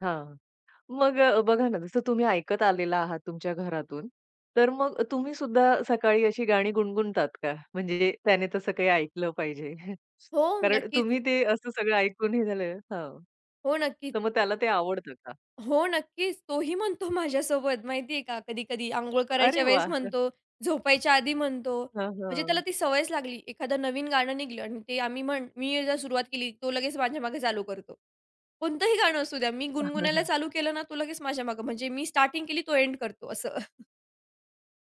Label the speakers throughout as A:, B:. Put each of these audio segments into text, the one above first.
A: हां. मग अ, बघा ना, जसं तुम्ही ऐकत आलेला आहात तुमच्या घरातून, तर मग तुम्हीसुद्धा सकाळी अशी गाणी गुणगुणतात का? म्हणजे त्याने तसं काही ऐकलं पाहिजे
B: हो,
A: कारण
B: नक्कीच.
A: तुम्ही ते असं सगळं ऐकून हे झालं हो,
B: हो, नक्कीच.
A: तर मग त्याला ते आवडतं का?
B: हो, नक्कीच, तोही म्हणतो माझ्यासोबत माहिती आहे का कधी-कधी अंघोळ करायच्या
A: अरे
B: वेळेस
A: वाह!
B: म्हणतो, झोपायच्या आधी म्हणतो,
A: हां,
B: म्हणजे त्याला
A: हां.
B: ती सवयच लागली. एखादं नवीन गाणं निघालं आणि ते आम्ही म्हण मी जर सुरुवात केली, तो लगेच माझ्या मागे चालू करतो. कोणतंही गाणं असू द्या. मी गुणगुणायला चालू केलं ना, तो लगेच माझ्या मागे म्हणजे मी स्टार्टिंग केली, तो एंड करतो असं.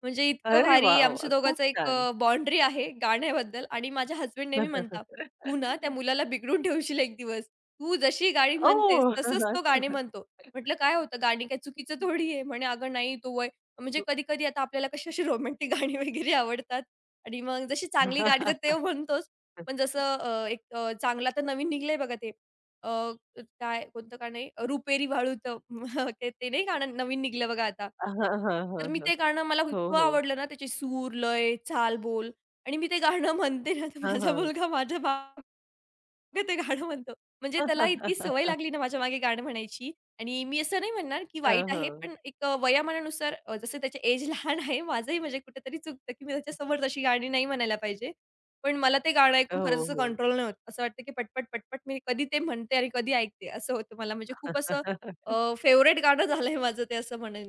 B: म्हणजे इतकं
A: अरे
B: भारी
A: वाह!
B: आमच्या
A: खूप
B: दोघांचं एक
A: छान.
B: अ, बाउंडरी आहे गाण्याबद्दल आणि माझ्या हसबँड नेहमी म्हणतात, "तू ना त्या मुलाला बिघडून ठेवशील एक दिवस. तू जशी गाणी म्हणतेस
A: ओह!
B: तसंच तो गाणी म्हणतो." म्हंटलं, "काय होतं, गाणी काय चुकीचं थोडी आहे." म्हणे, "अगं नाही तो वय" म्हणजे कधी-कधी आता आपल्याला कशी अशी रोमॅन्टिक गाणी वगैरे आवडतात आणि मग जशी चांगली गाणी तर ते म्हणतोच पण जसं अ, एक अ, चांगलं आता नवीन निघालंय बघा ते अ, काय कोणतं गाणं आहे, रुपेरी वाळूत, ते ते नाही गाणं नवीन निघालं बघा आता.
A: हां, हां,
B: तर
A: हां,
B: मी
A: हां.
B: ते गाणं मला
A: हो,
B: इतकं
A: हो.
B: आवडलं ना, त्याचे सूर, लय, चाल, बोल आणि मी ते गाणं म्हणते ना, तर
A: हां,
B: माझा
A: हां.
B: मुलगा माझ्या मा ते गाणं म्हणतो. म्हणजे त्याला इतकी सवय लागली ना, माझ्यामागे गाणं म्हणायची आणि मी असं नाही म्हणणार, की
A: हां,
B: वाईट आहे,
A: हो.
B: पण एक अ, वयामानानुसार अ, जसं त्याची एज लहान आहे, माझंही म्हणजे कुठेतरी चुकतं की मी त्याच्यासमोर तशी गाणी नाही म्हणायला पाहिजे. पण मला ते गाणं ऐकून खरंच
A: हो,
B: असं
A: हो.
B: कंट्रोल नाही होतं. असं वाटतं की पटपट-पटपट मी कधी ते म्हणते आणि कधी ऐकते असं होतं मला, म्हणजे खूप असं अ, फेव्हरेट गाणं झालंय माझं ते असं म्हणेन.